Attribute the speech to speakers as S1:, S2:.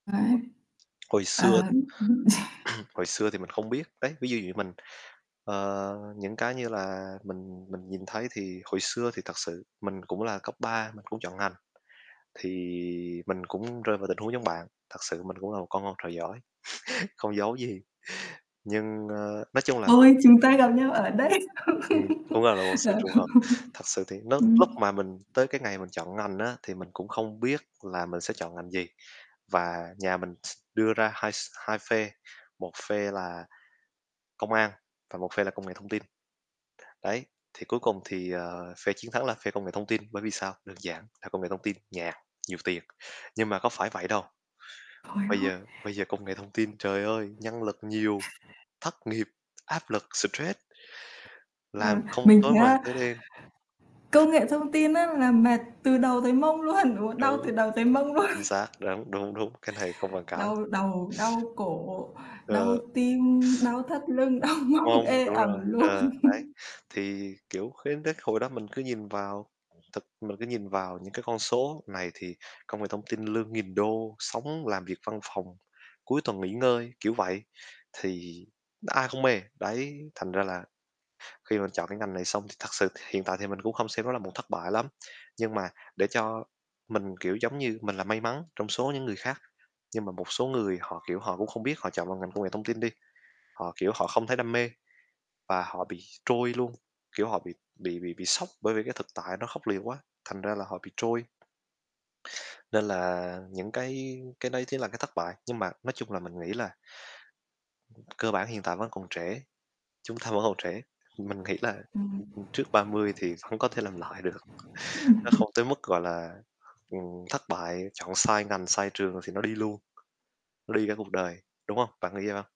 S1: Đấy.
S2: [unintelligible] Hồi xưa
S1: Ờ. Ừm hứm.
S2: hồi xưa thì mình không biết. Đấy, ví dụ như mình ờ, những cái như là mình mình nhìn thấy thì hồi xưa thì thật sự mình cũng là cấp 3, mình cũng chọn ngành, thì mình cũng rơi vào tình huống giống bạn, thật sự mình cũng là một con ngoan trò giỏi, không giấu gì, nhưng, ơ, nói chung là mình
S1: Ôi, chúng ta gặp nhau ở đây.
S2: Ừm, cũng là là một sự
S1: Ờ.
S2: trùng hợp. Thật sự thì nó
S1: Ừm.
S2: lúc mà mình tới cái ngày mình chọn ngành á, thì mình cũng không biết là mình sẽ chọn ngành gì, và nhà mình đưa ra hai s hai phe, một phe là công an và một phe là công nghệ thông tin. Đấy, thì cuối cùng thì, ờ, phe chiến thắng là phe công nghệ thông tin, bởi vì sao? Đơn giản là công nghệ thông tin nhàn, nhiều tiền, nhưng mà có phải vậy đâu.
S1: Trời
S2: Bây
S1: ơi!
S2: giờ bây giờ công nghệ thông tin, trời ơi, nhân lực nhiều, thất nghiệp, áp lực, stress làm
S1: Vâng,
S2: không
S1: mình
S2: tối
S1: thấy
S2: mờ tối
S1: á,
S2: đen.
S1: công nghệ thông tin á là mệt từ đầu tới mông luôn, ừ, đau
S2: Đúng,
S1: từ đầu tới mông luôn.
S2: chính xác, đúng, đúng, đúng, cái này không bàn cãi.
S1: Đau đầu, đau cổ, đau
S2: Ờ.
S1: tim, đau thắt lưng, đau
S2: Đúng
S1: mông
S2: hông?
S1: ê
S2: Đúng
S1: ẩm
S2: rồi,
S1: luôn.
S2: ờ, đấy, thì, kiểu, khi thấy hồi đó mình cứ nhìn vào thật, mình cứ nhìn vào những cái con số này thì công nghệ thông tin lương nghìn đô, sống làm việc văn phòng, cuối tuần nghỉ ngơi, kiểu vậy, thì ai không mê? Đấy, thành ra là, khi mà chọn cái ngành này xong thì thật sự hiện tại thì mình cũng không xem nó là một thất bại lắm, nhưng mà để cho mình, kiểu, giống như mình là may mắn trong số những người khác. Nhưng mà một số người họ, kiểu, họ cũng không biết họ chọn vào ngành công nghệ thông tin đi, họ, kiểu, họ không thấy đam mê, và họ bị trôi luôn, kiểu họ bị bị bị bị sốc, bởi vì cái thực tại nó khốc liệt quá, thành ra là họ bị trôi. Nên là những cái cái đấy chính là cái thất bại, nhưng mà nói chung là mình nghĩ là cơ bản hiện tại vẫn còn trẻ, chúng ta vẫn còn trẻ, mình nghĩ là, ừm,
S1: Ừm.
S2: ừm, trước 30 thì không có thể làm lại được. Nó
S1: Ừm.
S2: không tới mức, gọi là, ừm, thất bại, chọn sai ngành, sai trường thì nó đi luôn, nó đi cả cuộc đời, đúng hông, bạn nghĩ vậy hông?